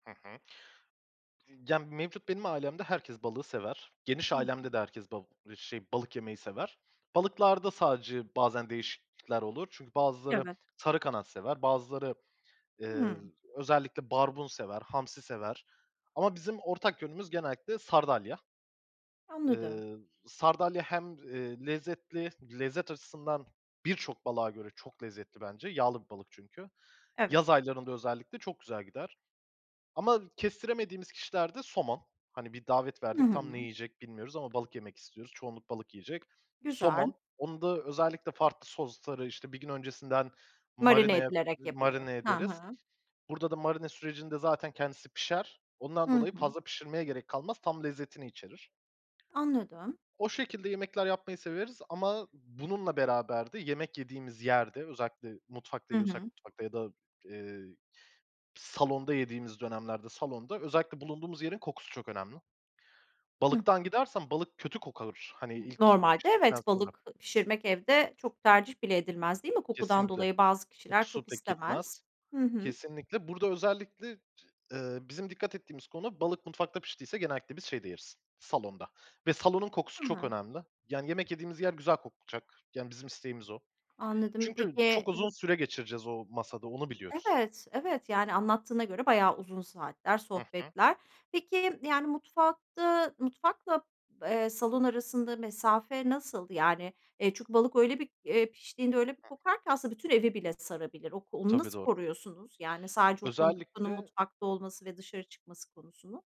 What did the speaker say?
Hı hı. Ya, mevcut benim ailemde herkes balığı sever. Geniş Hı hı. ailemde de herkes bal şey, balık yemeyi sever. Balıklarda sadece bazen değişiklikler olur. Çünkü bazıları Evet. sarı kanat sever, bazıları, eee, Hıı. özellikle barbun sever, hamsi sever ama bizim ortak yönümüz genellikle sardalya. Anladım. Eee, sardalya hem, eee, lezzetli, lezzet açısından birçok balığa göre çok lezzetli bence. Yağlı bir balık çünkü. Evet. Yaz aylarında özellikle çok güzel gider ama kestiremediğimiz kişilerde somon. Hani, bir davet Hı verdik tam ne hı. yiyecek bilmiyoruz ama balık yemek istiyoruz, çoğunluk balık yiyecek. Güzel. Somon, onu da özellikle farklı sosları, işte, bir gün öncesinden Marine marinaya, edilerek yapılıyor. marine Ha ederiz. ha. Burada da marine sürecinde zaten kendisi pişer. Hı Ondan dolayı hı. fazla pişirmeye gerek kalmaz, tam lezzetini içerir. Anladım. O şekilde yemekler yapmayı severiz ama bununla beraber de yemek yediğimiz yerde, özellikle mutfakta Hı yiyorsak hı. mutfakta ya da, eee, salonda yediğimiz dönemlerde, salonda özellikle bulunduğumuz yerin kokusu çok önemli. Hı hı. Balıktan gidersen balık kötü kokar, hani, Imm, ilk normalde piştikten evet, sonra. balık pişirmek evde çok tercih bile edilmez, değil mi? Kokudan Kesinlikle, dolayı bazı kişiler kokusu çok pek gitmez. istemez. Hı hı. Kesinlikle. Burada özellikle, eee, bizim dikkat ettiğimiz konu, balık mutfakta piştiyse genellikle biz şeyde yeriz salonda ve salonun kokusu Hı çok hı. önemli. Yani yemek yediğimiz yer güzel kokacak. Yani bizim isteğimiz o. Anladım. Çünkü çok Peki uzun [unintelligible] süre geçireceğiz o masada, onu biliyoruz. Evet, evet, yani, anlattığına göre bayağı uzun saatler Hı hı. sohbetler. Peki, yani mutfakta mutfakla, eee, salon arasında mesafe nasıl? Yani, eee, çünkü balık öyle bir, eee, piştiğinde öyle bir Hı hı. kokar ki aslında bütün evi bile sarabilir. Ok onu Tabii nasıl doğru. koruyorsunuz, yani sadece o kokunun Özellikle mutfakta olması ve dışarı çıkması konusunu?